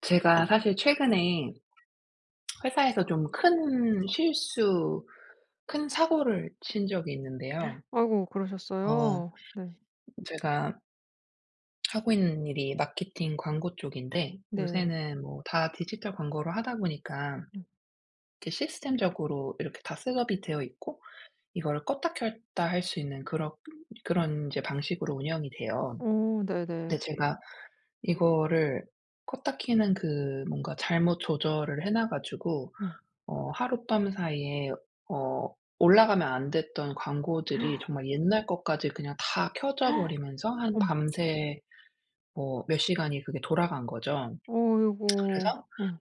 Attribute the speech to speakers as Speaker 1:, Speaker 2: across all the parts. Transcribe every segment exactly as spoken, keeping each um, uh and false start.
Speaker 1: 제가 사실 최근에 회사에서 좀 큰 실수 큰 사고를 친 적이 있는데요.
Speaker 2: 아이고
Speaker 1: 어
Speaker 2: 그러셨어요. 네.
Speaker 1: 제가 하고 있는 일이 마케팅 광고 쪽인데
Speaker 2: 네.
Speaker 1: 요새는 뭐 다 디지털 광고로 하다 보니까
Speaker 2: 음.
Speaker 1: 이게 시스템적으로 이렇게 다 셋업이 되어 있고 이거를 껐다 켰다 할 수 있는 그럭 그런 인제 방식으로 운영이 돼요.
Speaker 2: 어
Speaker 1: 근데
Speaker 2: 네네.
Speaker 1: 제가 이거를 껐다 켜는 그 뭔가 잘못 조절을 해 놔 가지고
Speaker 2: 음.
Speaker 1: 어 하룻밤 사이에 어 올라가면 안 됐던 광고들이 정말 옛날 것까지 그냥 다 켜져 버리면서 한
Speaker 2: 어머.
Speaker 1: 밤새 뭐 몇 시간이 그게 돌아간 거죠.
Speaker 2: 어이고
Speaker 1: 그래서
Speaker 2: 음.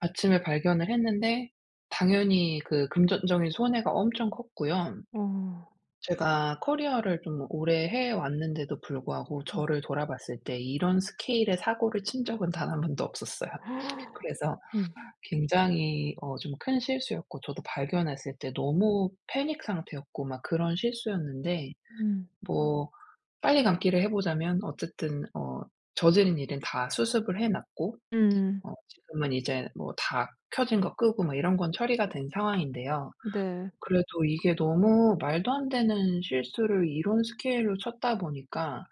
Speaker 1: 아침에 발견을 했는데 당연히 그 금전적인 손해가 엄청 컸고요.
Speaker 2: 어.
Speaker 1: 제가 커리어를 좀 오래 해 왔는데도 불구하고
Speaker 2: 음.
Speaker 1: 저를 돌아봤을 때 이런 스케일의 사고를 친 적은 단 한 번도 없었어요. 그래서
Speaker 2: 음.
Speaker 1: 굉장히 어 좀 큰 실수였고 저도 발견했을 때 너무 패닉 상태였고 막 그런 실수였는데
Speaker 2: 음.
Speaker 1: 뭐 빨리 감기를 해 보자면 어쨌든 어 저지른 일은 다 수습을 해 놨고
Speaker 2: 음.
Speaker 1: 어 지금은 이제 뭐 다 켜진 거 끄고 뭐 이런 건 처리가 된 상황인데요.
Speaker 2: 네.
Speaker 1: 그래도 이게 너무 말도 안 되는 실수를 이런 스케일로 쳤다 보니까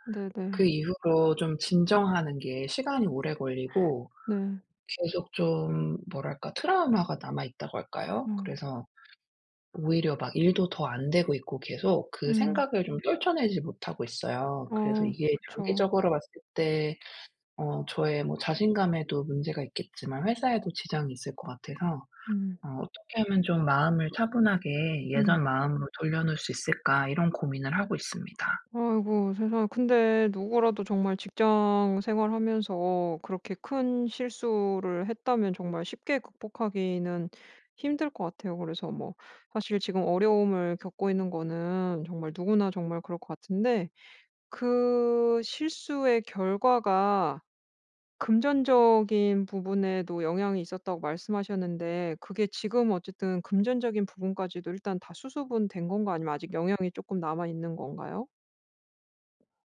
Speaker 1: 그
Speaker 2: 네네.
Speaker 1: 이후로 좀 진정하는 게 시간이 오래 걸리고
Speaker 2: 네.
Speaker 1: 계속 좀 뭐랄까 트라우마가 남아 있다고 할까요?
Speaker 2: 음.
Speaker 1: 그래서 오히려 막 일도 더 안 되고 있고 계속 그
Speaker 2: 음.
Speaker 1: 생각을 좀 떨쳐내지 못하고 있어요. 그래서
Speaker 2: 어
Speaker 1: 이게
Speaker 2: 그쵸.
Speaker 1: 장기적으로 봤을 때 어 저의 뭐 자신감에도 문제가 있겠지만 회사에도 지장이 있을 것 같아서
Speaker 2: 음.
Speaker 1: 어 '어떻게 하면 좀 마음을 차분하게 예전
Speaker 2: 음.
Speaker 1: 마음으로 돌려 놓을 수 있을까?' 이런 고민을 하고 있습니다.
Speaker 2: 아이고 세상에. 근데 누구라도 정말 직장 생활하면서 그렇게 큰 실수를 했다면 정말 쉽게 극복하기는 힘들 것 같아요. 그래서 뭐 사실 지금 어려움을 겪고 있는 거는 정말 누구나 정말 그럴 것 같은데 그 실수의 결과가 금전적인 부분에도 영향이 있었다고 말씀하셨는데 그게 지금 어쨌든 금전적인 부분까지도 일단 다 수습은 된 건가 아니면 아직 영향이 쪼끔 남아 있는 건가요?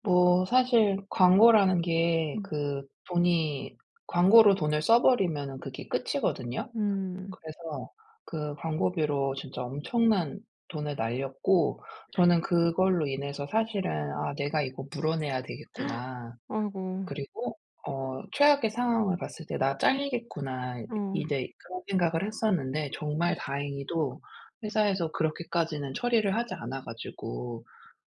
Speaker 1: 뭐 사실 광고라는 게
Speaker 2: 음.
Speaker 1: 그 돈이 광고로 돈을 써 버리면은 그게 끝이거든요.
Speaker 2: 음.
Speaker 1: 그래서 그 광고비로 진짜 엄청난 돈을 날렸고 저는 그걸로 인해서 사실은 '아 내가 이거 물어내야 되겠구나.'
Speaker 2: 아이고.
Speaker 1: 그리고 어 최악의 상황을 봤을 때 '나 잘리겠구나.' 이
Speaker 2: 어.
Speaker 1: 이제 그런 생각을 했었는데 정말
Speaker 2: 음.
Speaker 1: 다행히도 회사에서 그렇게까지는 처리를 하지 않아 가지고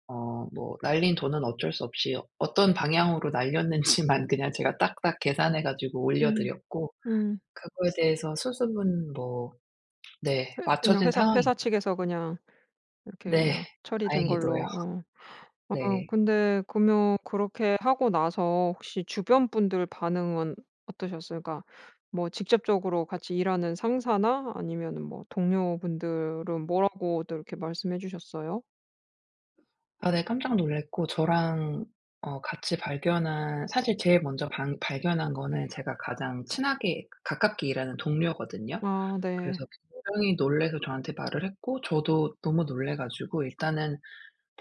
Speaker 1: 어 뭐 날린 돈은 어쩔 수 없이 어 어떤 방향으로 날렸는지만 그냥 제가 딱딱 계산해 가지고 올려
Speaker 2: 음.
Speaker 1: 드렸고
Speaker 2: 음.
Speaker 1: 그거에 대해서 수습은 뭐 네
Speaker 2: 회 그냥
Speaker 1: 마쳐진
Speaker 2: 회사 회사
Speaker 1: 상황입니다.
Speaker 2: 측에서 그냥 이렇게
Speaker 1: 네.
Speaker 2: 그냥 처리된
Speaker 1: 다행히도요.
Speaker 2: 걸로. 어. 아
Speaker 1: 네.
Speaker 2: 근데 그러면 그렇게 하고 나서 혹시 주변 분들 반응은 어떠셨어요? 그러니까 뭐 직접적으로 같이 일하는 상사나 아니면은 뭐 동료분들은 뭐라고들 이렇게 말씀해 주셨어요?
Speaker 1: 아 네. 깜짝 놀랐고 저랑 어 같이 발견한 사실 제일 먼저 방 발견한 거는 제가 가장 친하게 가깝게 일하는 동료거든요.
Speaker 2: 아
Speaker 1: 그래서
Speaker 2: 네.
Speaker 1: 굉장히 놀라서 저한테 말을 했고 저도 너무 놀라 가지고 일단은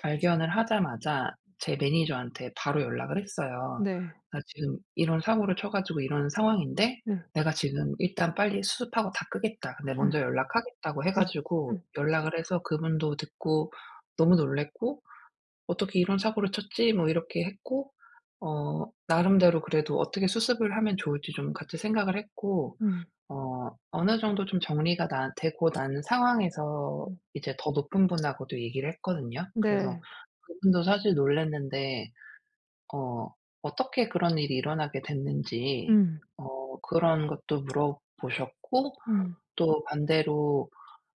Speaker 1: 발견을 하자마자 제 매니저한테 바로 연락을 했어요.
Speaker 2: 네.
Speaker 1: 나 지금 이런 사고를 쳐 가지고 이런 상황인데
Speaker 2: 네.
Speaker 1: 내가 지금 일단 빨리 수습하고 다 끄겠다. 내가
Speaker 2: 예.
Speaker 1: 먼저 연락하겠다고 해
Speaker 2: 예.
Speaker 1: 가지고
Speaker 2: 음.
Speaker 1: 연락을 해서 그분도 듣고 너무 놀랐고 "어떻게 이런 사고를 쳤지?" 뭐 이렇게 했고 어 나름대로 그래도 어떻게 수습을 하면 좋을지 좀 같이 생각을 했고
Speaker 2: 음.
Speaker 1: 어 어느 정도 좀 정리가 난 되고 난 상황에서
Speaker 2: 음.
Speaker 1: 이제 더 높은 분하고도 얘기를 했거든요. 그래서
Speaker 2: 네.
Speaker 1: 그분도 사실 놀랐는데 어 어떻게 그런 일이 일어나게 됐는지
Speaker 2: 음.
Speaker 1: 어 그런 것도 물어보셨고
Speaker 2: 음.
Speaker 1: 또 반대로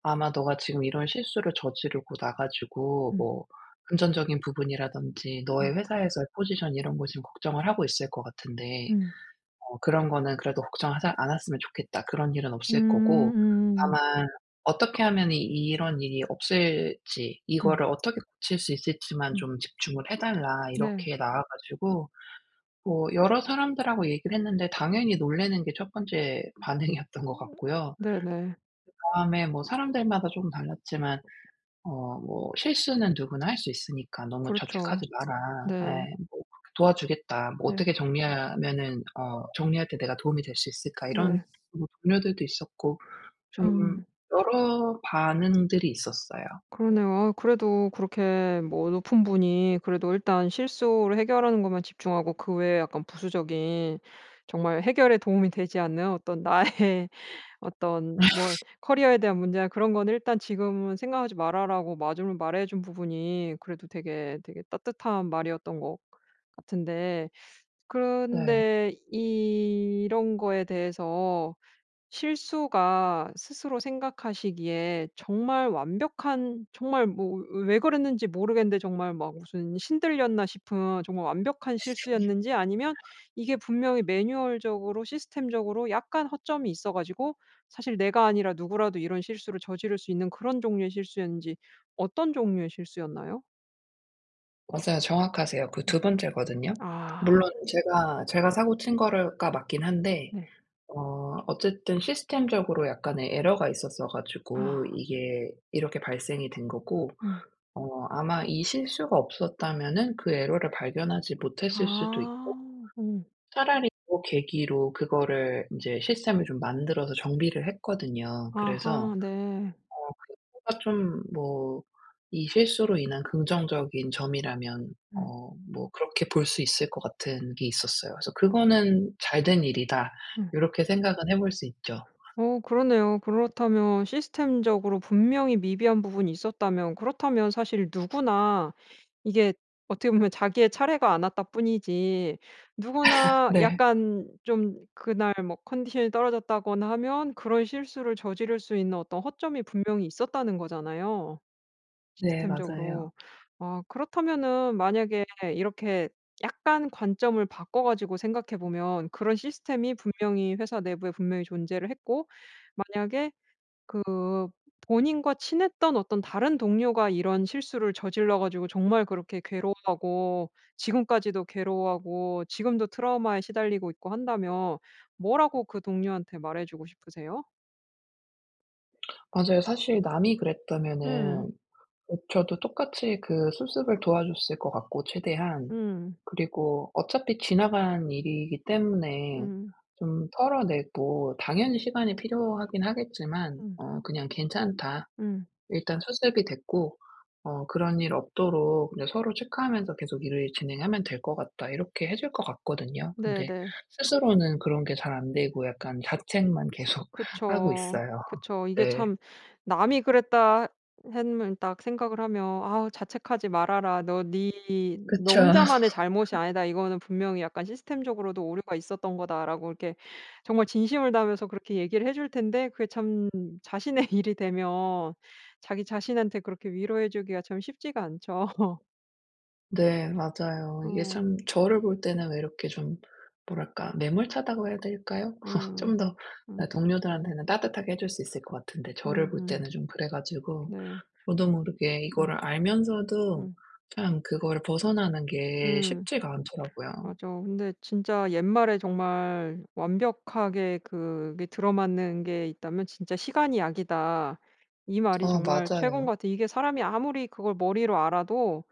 Speaker 1: 아마 네가 지금 이런 실수를 저지르고 나 가지고
Speaker 2: 음.
Speaker 1: 뭐 "금전적인 부분이라든지 너의
Speaker 2: 음.
Speaker 1: 회사에서의 포지션 이런 거 지금 걱정을 하고 있을 것 같은데
Speaker 2: 음.
Speaker 1: 어 그런 거는 그래도 걱정하자 않았으면 좋겠다. 그런 일은 없을 거고
Speaker 2: 음음.
Speaker 1: 다만 어떻게 하면은 이 이런 일이 없을지,
Speaker 2: 음.
Speaker 1: 이거를 어떻게 고칠 수 있을지만
Speaker 2: 음.
Speaker 1: 좀 집중을 해 달라."
Speaker 2: 네.
Speaker 1: 이렇게 나와 가지고 뭐 여러 사람들하고 얘기를 했는데 당연히 놀라는 게 첫 번째
Speaker 2: 음.
Speaker 1: 반응이었던 것 같고요.
Speaker 2: 네네.
Speaker 1: 그다음에 뭐 사람들마다 쪼금 달랐지만 어 뭐 "실수는 누구나 할 수 있으니까 너무
Speaker 2: 그렇죠.
Speaker 1: 자책하지 마라."
Speaker 2: 네.
Speaker 1: 예. 뭐 그렇게 "도와주겠다. 뭐
Speaker 2: 네.
Speaker 1: 어떻게 정리하면은 어 정리할 때 내가 도움이 될 수 있을까?" 이런
Speaker 2: 네.
Speaker 1: 뭐 동료들도 있었고 좀
Speaker 2: 참.
Speaker 1: 여러 반응들이 있었어요.
Speaker 2: 그러네요. 아우 그래도 그렇게 뭐 높은 분이 그래도 일단 실수를 해결하는 것만 집중하고 그 외에 약간 부수적인 정말 해결에 도움이 되지 않는 어떤 나의 어떤 뭐 커리어에 대한 문제나 그런 거는 "일단 지금은 생각하지 마라."라고 마줌을 말해 준 부분이 그래도 되게 되게 따뜻한 말이었던 것 같은데
Speaker 1: 네.
Speaker 2: 그런데 이런 거에 대해서 실수가 스스로 생각하시기에 정말 완벽한 정말 뭐 왜 왜 그랬는지 모르겠는데 정말 막 무슨 신들렸나 싶은 정말 완벽한 실수였는지 아니면 이게 분명히 매뉴얼적으로 시스템적으로 약간 허점이 있어 가지고 사실 내가 아니라 누구라도 이런 실수를 저지를 수 있는 그런 종류의 실수였는지 어떤 종류의 실수였나요?
Speaker 1: 맞아요. 정확하세요. 그
Speaker 2: 음.
Speaker 1: 두 번째거든요. 물론
Speaker 2: 아.
Speaker 1: 제가, 제가 사고 친 거를 가 맞긴 한데
Speaker 2: 네.
Speaker 1: 어 어쨌든 시스템적으로 약간의 에러가 있었어 가지고
Speaker 2: 아.
Speaker 1: 이게 이렇게 발생이 된 거고
Speaker 2: 음.
Speaker 1: 어 아마 이 실수가 없었다면은 그 에러를 발견하지 못했을 수도 있고
Speaker 2: 아 음.
Speaker 1: 차라리 그 계기로 그거를 인제 시스템을 좀 만들어서 정비를 했거든요. 그래서 어
Speaker 2: 아하 네.
Speaker 1: 그거가 좀 뭐 이 실수로 인한 긍정적인 점이라면
Speaker 2: 음.
Speaker 1: 어 뭐 그렇게 볼 수 있을 것 같은 게 있었어요. 그래서
Speaker 2: 어.
Speaker 1: '그거는 잘된 일이다.'
Speaker 2: 음.
Speaker 1: 요렇게 생각은 해 볼 수 있죠.
Speaker 2: 어 그러네요. 그렇다면 시스템적으로 분명히 미비한 부분이 있었다면 그렇다면 사실 누구나 이게 어떻게 보면 자기의 차례가 안 왔다 뿐이지 누구나
Speaker 1: 네.
Speaker 2: 약간 좀 그날 뭐 컨디션이 떨어졌다거나 하면 그런 실수를 저지를 수 있는 어떤 허점이 분명히 있었다는 거잖아요,
Speaker 1: 네 맞아요.
Speaker 2: 시스템적으로. 아 그렇다면은 만약에 이렇게 약간 관점을 바꿔 가지고 생각해 보면 그런 시스템이 분명히 회사 내부에 분명히 존재를 했고 만약에 그 본인과 친했던 어떤 다른 동료가 이런 실수를 저질러 가지고 정말 그렇게 괴로워하고 지금까지도 괴로워하고 지금도 트라우마에 시달리고 있고 한다면 뭐라고 그 동료한테 말해 주고 싶으세요?
Speaker 1: 맞아요. 사실 남이
Speaker 2: 음.
Speaker 1: 그랬다면은 그 저도 똑같이 그 수습을 도와줬을 것 같고 최대한
Speaker 2: 음.
Speaker 1: 그리고 어차피 지나간 일이기 때문에
Speaker 2: 음.
Speaker 1: 좀 털어내고 당연히 시간이 필요하긴 하겠지만
Speaker 2: 음.
Speaker 1: 어 그냥 "괜찮다.
Speaker 2: 음.
Speaker 1: 일단 수습이 됐고 어 그런 일 없도록 그냥 서로 체크하면서 계속 일을 진행하면 될 것 같다." 이렇게 해 줄 것 같거든요.
Speaker 2: 네
Speaker 1: 근데
Speaker 2: 네.
Speaker 1: 스스로는 그런 게 잘 안 되고 약간 자책만 계속 하고
Speaker 2: 그쵸,
Speaker 1: 있어요.
Speaker 2: 그쵸. 이게
Speaker 1: 네.
Speaker 2: 참 남이 그랬다 했면 딱 생각을 하면 "아우 자책하지 말아라. 너 니 너
Speaker 1: 그쵸.
Speaker 2: 혼자만의 잘못이 아니다. 이거는 분명히 약간 시스템적으로도 오류가 있었던 거다."라고 이렇게 정말 진심을 다하면서 그렇게 얘기를 해 줄 텐데 그게 참 자신의 일이 되면 자기 자신한테 그렇게 위로해 주기가 참 쉽지가 않죠.
Speaker 1: 네 맞아요. 이게
Speaker 2: 어.
Speaker 1: 참 저를 볼 때는 왜 이렇게 좀 뭐랄까 매몰차다고 해야 될까요?
Speaker 2: 음.
Speaker 1: 좀 더 어
Speaker 2: 음.
Speaker 1: 동료들한테는 따뜻하게 해 줄 수 있을 것 같은데 저를 볼
Speaker 2: 음음.
Speaker 1: 때는 좀 그래 가지고
Speaker 2: 네.
Speaker 1: 저도 모르게
Speaker 2: 음.
Speaker 1: 이거를 알면서도
Speaker 2: 음.
Speaker 1: 참 그거를 벗어나는 게
Speaker 2: 음.
Speaker 1: 쉽지가 않더라고요.
Speaker 2: 맞아. 근데 진짜 옛말에 정말 완벽하게 그게 들어맞는 게 있다면 진짜 '시간이 약이다.' 이 말이
Speaker 1: 아
Speaker 2: 정말 최고인
Speaker 1: 맞아요.
Speaker 2: 것 같아. 이게 사람이 아무리 그걸 머리로 알아도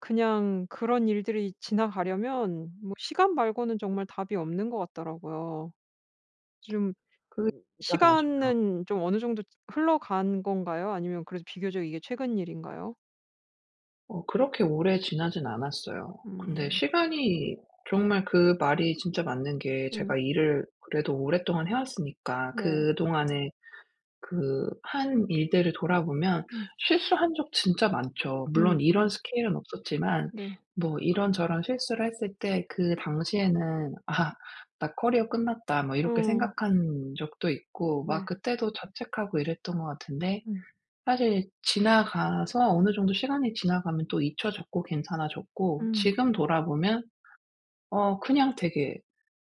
Speaker 2: 그냥 그런 일들이 지나가려면 뭐 시간 말고는 정말 답이 없는 것 같더라고요. 좀
Speaker 1: 그 [unintelligible] 맞아요.
Speaker 2: 시간은 좀 어느 정도 흘러간 건가요? 아니면 그래도 비교적 이게 최근 일인가요?
Speaker 1: 어 그렇게 오래 지나지는 않았어요. 근데
Speaker 2: 음.
Speaker 1: 시간이 정말 그 말이 진짜 맞는 게 제가
Speaker 2: 음.
Speaker 1: 일을 그래도 오랫동안 해 왔으니까
Speaker 2: 네.
Speaker 1: 그동안에 그 한 일들을 돌아보면
Speaker 2: 음.
Speaker 1: 실수한 적 진짜 많죠.
Speaker 2: 음
Speaker 1: 물론 이런
Speaker 2: 음.
Speaker 1: 스케일은 없었지만
Speaker 2: 네.
Speaker 1: 뭐 이런저런 실수를 했을 때 그 당시에는' 아. 나 커리어 끝났다.' 뭐 이렇게
Speaker 2: 어.
Speaker 1: 생각한 적도 있고 막
Speaker 2: 네.
Speaker 1: 그때도 자책하고 이랬던 것 같은데
Speaker 2: 음.
Speaker 1: 사실 지나가서 어느 정도 시간이 지나가면 또 잊혀졌고 괜찮아졌고
Speaker 2: 음.
Speaker 1: 지금 돌아보면 어 그냥 되게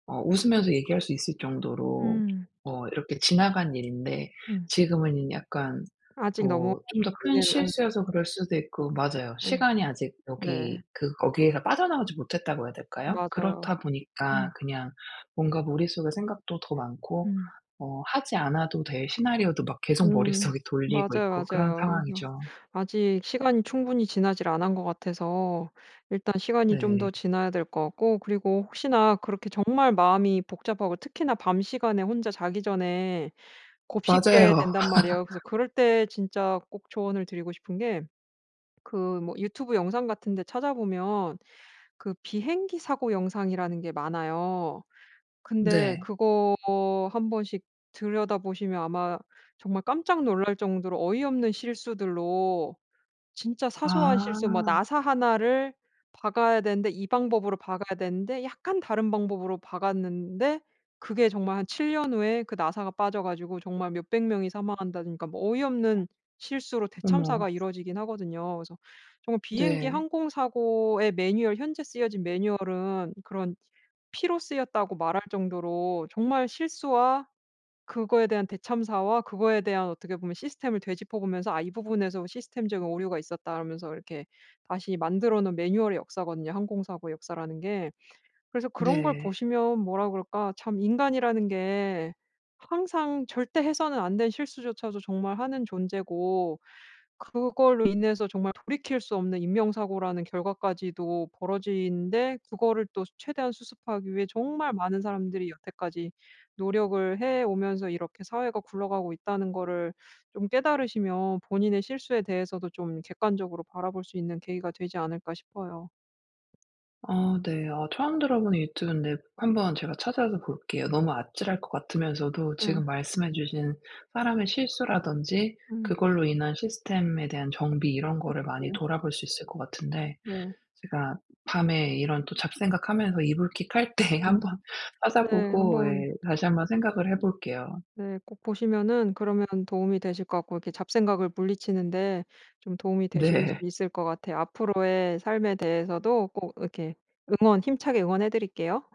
Speaker 1: 어 웃으면서 얘기할 수 있을 정도로
Speaker 2: 음.
Speaker 1: 어 이렇게 지나간 일인데
Speaker 2: 음.
Speaker 1: 지금에는 약간
Speaker 2: 아직 너무
Speaker 1: 뭐 좀 더 큰
Speaker 2: 그러기에는
Speaker 1: 실수여서 그럴 수도 있고 맞아요.
Speaker 2: 네.
Speaker 1: 시간이 아직
Speaker 2: 네.
Speaker 1: 여기 그 거기에서 빠져나오지 못했다고 해야 될까요?
Speaker 2: 맞아요.
Speaker 1: 그렇다 보니까
Speaker 2: 음.
Speaker 1: 그냥 뭔가 머릿속에 생각도 더 많고,
Speaker 2: 음.
Speaker 1: 어 하지 않아도 될 시나리오도 막 계속
Speaker 2: 음.
Speaker 1: 머릿속에
Speaker 2: 맞아요,
Speaker 1: 돌리고 있고 그런
Speaker 2: 맞아요. 그래서
Speaker 1: 상황이죠.
Speaker 2: 아직 시간이 충분히 지나지를 않은 것 같아서 일단 시간이 좀 더
Speaker 1: 네.
Speaker 2: 지나야 될 것 같고 그리고 혹시나 그렇게 정말 마음이 복잡하고 특히나 밤 시간에 혼자 자기 전에 곱씹게
Speaker 1: 맞아요.
Speaker 2: 된단 말이에요. 그래서 그럴 때 진짜 꼭 조언을 드리고 싶은 게 그 뭐 유튜브 영상같은 데 찾아보면 그 비행기 사고 영상이라는 게 많아요. 근데
Speaker 1: 네.
Speaker 2: 그거 한 번씩 들여다 보시면 아마 정말 깜짝 놀랄 정도로 어이없는 실수들로 진짜 사소한 실수 막
Speaker 1: 아.
Speaker 2: 나사 하나 를 박아야 되는데 이 방법으로 박아야 되는데 약간 다른 방법으로 박았는데 그게 정말 한 칠 년 후에 그 나사가 빠져 가지고 정말 몇백 명이 사망한다든가 뭐 어이없는 실수로
Speaker 1: 어머.
Speaker 2: 대참사가 이루어지기는 하거든요. 그래서 정말 비행기
Speaker 1: 네.
Speaker 2: 항공 사고의 매뉴얼, 현재 쓰여진 매뉴얼은 그런 피로 쓰였다고 말할 정도로 정말 실수와 그거에 대한 대참사와 그거에 대한 어떻게 보면 시스템을 되짚어 보면서 "아 이 부분에서 시스템적인 오류가 있었다."라면서 이렇게 다시 만들어 놓은 매뉴얼의 역사거든요, 항공 사고의 역사라는 게. 그래서 그런 걸
Speaker 1: 네.
Speaker 2: 보시면 뭐라 그럴까? 참 인간이라는 게 항상 절대 해서는 안 될 실수조차도 정말 하는 존재고 그걸로 인해서 정말 돌이킬 수 없는 인명 사고라는 결과까지도 벌어지는데 그거를 또 최대한 수습하기 위해 정말 많은 사람들이 여태까지 노력을 해 오면서 이렇게 사회가 굴러가고 있다는 거를 좀 깨달으시면 본인의 실수에 대해서도 좀 객관적으로 바라볼 수 있는 계기가 되지 않을까 싶어요.
Speaker 1: 아 네. 아 처음 들어 보는 유튜브인데 한번 제가 찾아서 볼게요. 너무 아찔할 것 같으면서도 지금
Speaker 2: 예.
Speaker 1: 말씀해 주신 사람의 실수라든지
Speaker 2: 음.
Speaker 1: 그걸로 인한 시스템에 대한 정비 이런 거를 많이
Speaker 2: [unintelligible]
Speaker 1: 돌아볼 수 있을 것 같은데
Speaker 2: 네.
Speaker 1: 제가 밤에 이런 또 잡생각하면서 이불킥 할 때
Speaker 2: 음.
Speaker 1: 한번
Speaker 2: 네.
Speaker 1: 찾아보고
Speaker 2: 한번
Speaker 1: 예 다시 한번 생각을 해 볼게요.
Speaker 2: 네. 꼭 보시면은 그러면 도움이 되실 것 같고 이렇게 잡생각을 물리치는데 좀 도움이 되실 수
Speaker 1: 네.
Speaker 2: 있을 것 같아요. 앞으로의 삶에 대해서도 꼭 이렇게 응원 힘차게 응원해 드릴게요.